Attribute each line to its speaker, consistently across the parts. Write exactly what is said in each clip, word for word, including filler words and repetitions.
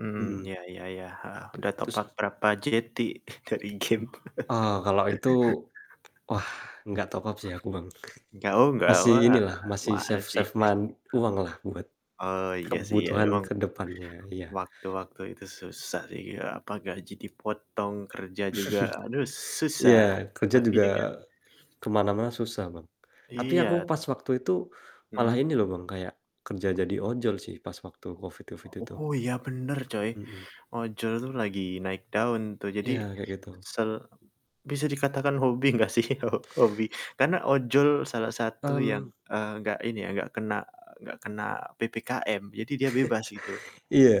Speaker 1: Mhm,
Speaker 2: Mhm.
Speaker 1: iya iya iya, heeh.
Speaker 2: Oke,
Speaker 1: Udah top up
Speaker 2: terus
Speaker 1: berapa jeti dari game.
Speaker 2: Eee, kalau itu wah, enggak top up sih aku Bang.
Speaker 1: Gau nggak
Speaker 2: Masih
Speaker 1: wa
Speaker 2: inilah masih,
Speaker 1: gimana sih?
Speaker 2: save-save man uanglah buat,
Speaker 1: Oh iya sih
Speaker 2: kebutuhan
Speaker 1: emang,
Speaker 2: kedepannya, iya.
Speaker 1: waktu-waktu itu susah sih, eee, apa gaji dipotong, kerja juga, aduh susah.
Speaker 2: Iya,
Speaker 1: E
Speaker 2: kerja
Speaker 1: tapi
Speaker 2: juga
Speaker 1: dengan
Speaker 2: ke mana-mana susah Bang. Tapi aku
Speaker 1: Iya.
Speaker 2: pas waktu itu malah
Speaker 1: Mhm.
Speaker 2: ini loh Bang, kayak kerja jadi ojol sih pas waktu COVID COVID itu.
Speaker 1: Oh, iya bener coy.
Speaker 2: Mhm.
Speaker 1: Ojol itu lagi naik daun tuh, jadi
Speaker 2: Iya, kayak gitu.
Speaker 1: sel bisa dikatakan hobi gak sih ho hobi? Karena ojol salah satu yang,
Speaker 2: Mmm.
Speaker 1: eee, gak ini ya gak kena gak kena PPKM. Jadi dia bebas, gitu.
Speaker 2: Iya.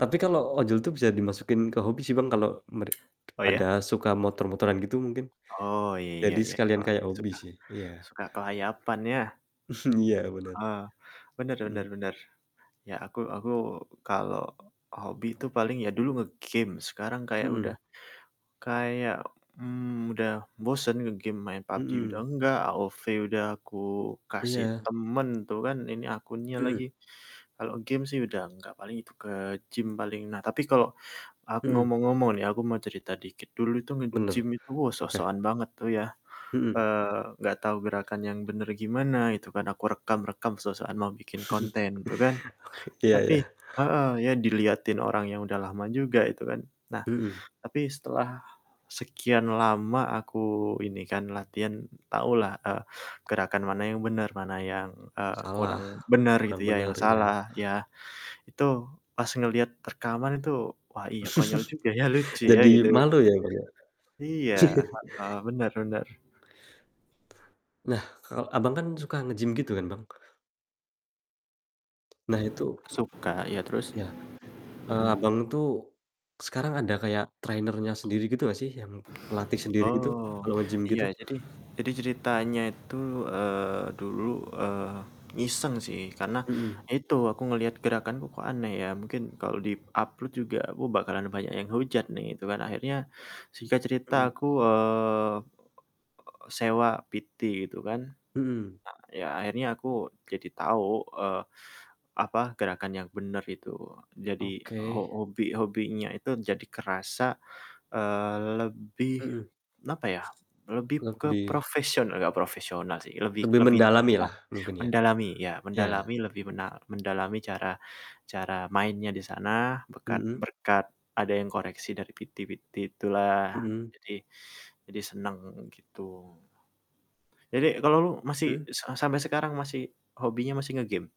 Speaker 2: Tapi kalo ojol tuh bisa dimasukin ke hobi sih Bang kalo mere
Speaker 1: Oh
Speaker 2: pada
Speaker 1: ya?
Speaker 2: suka motor-motoran gitu mungkin.
Speaker 1: Oh, iya
Speaker 2: Jadi
Speaker 1: iya,
Speaker 2: sekalian
Speaker 1: boleh,
Speaker 2: kaya hobi
Speaker 1: suka
Speaker 2: sih, iya.
Speaker 1: suka kelayapan ya.
Speaker 2: Iya, bener.
Speaker 1: Heeh, benar benar
Speaker 2: Mhm.
Speaker 1: benar. Ya, aku aku kalau hobi itu paling ya dulu nge-game, sekarang kayak udah
Speaker 2: Mhm.
Speaker 1: kayak, mmm, udah bosen nge-game, main PUBG udah
Speaker 2: Mhm.
Speaker 1: enggak, AOV udah aku kasih
Speaker 2: Iya.
Speaker 1: temen tuh kan, ini akunnya lagi.
Speaker 2: Mhm.
Speaker 1: Kalau game sih udah enggak paling itu ke gym paling. Nah, tapi kalau aku
Speaker 2: Mhm.
Speaker 1: ngomong-ngomong nih, aku mau cerita dikit, dulu itu nge-gym
Speaker 2: Bener,
Speaker 1: itu wah
Speaker 2: oke.
Speaker 1: sok-sokan banget tuh ya.
Speaker 2: Mhm.
Speaker 1: Eee, gak tahu gerakan yang bener gimana itu kan, aku rekam-rekam sok-sokan mau bikin konten tuh kan.
Speaker 2: Oke, iya
Speaker 1: Tapi
Speaker 2: iya.
Speaker 1: heeh. Ya diliatin orang yang udah lama juga itu kan. Nah,
Speaker 2: Mhm.
Speaker 1: tapi setelah sekian lama aku ini kan latihan, tahulah, eee, gerakan mana yang benar, mana yang, eee,
Speaker 2: Salah,
Speaker 1: kurang benar gitu
Speaker 2: kurang
Speaker 1: ya, yang
Speaker 2: bener, iya.
Speaker 1: salah ya. Itu pas ngeliat rekaman itu, wah iya konyol juga ya, lucu ya
Speaker 2: Jadi
Speaker 1: gitu.
Speaker 2: malu ya Bang ya.
Speaker 1: Iya, heeh. Bener bener.
Speaker 2: Nah, kalo Abang kan suka nge-gym gitu kan Bang? Nah itu
Speaker 1: Suka, iya terus?
Speaker 2: Iya, eee,
Speaker 1: Mhm.
Speaker 2: Abang tuh sekarang ada kayak trainer-nya sendiri gitu gak sih yang pelatih sendiri gitu,
Speaker 1: Oh,
Speaker 2: kalau nge-gym
Speaker 1: iya.
Speaker 2: gitu?
Speaker 1: Jadi jadi ceritanya itu, eee, dulu, eee, iseng sih karena
Speaker 2: Mhm.
Speaker 1: itu aku ngelihat gerakanku kok aneh ya, mungkin kalau di-upload juga aku bakalan banyak yang hujat nih itu kan. Akhirnya, singkat cerita,
Speaker 2: Mhm.
Speaker 1: aku, eee, sewa PT gitu kan,
Speaker 2: Mhm.
Speaker 1: eee, ya, akhirnya aku jadi tahu, eee, apa gerakan yang bener itu. Jadi ho
Speaker 2: Oke.
Speaker 1: obi hobinya itu jadi kerasa, eee, lebih
Speaker 2: Mhm.
Speaker 1: apa ya lebih ke
Speaker 2: Lebih
Speaker 1: profesional gak profesional sih, lebih
Speaker 2: lebih
Speaker 1: lebih nah,
Speaker 2: mendalamilah mungkin ya?
Speaker 1: mendalami, iya,
Speaker 2: Iya.
Speaker 1: mendalami lebih mena mendalami cara cara mainnya di sana bekat
Speaker 2: Mhm.
Speaker 1: berkat ada yang koreksi dari PT-PT itulah.
Speaker 2: Mhm.
Speaker 1: Jadi jadi seneng, gitu. Jadi kalo lu masih
Speaker 2: Mmm.
Speaker 1: e sa sampe sekarang masih hobinya masih nge-game?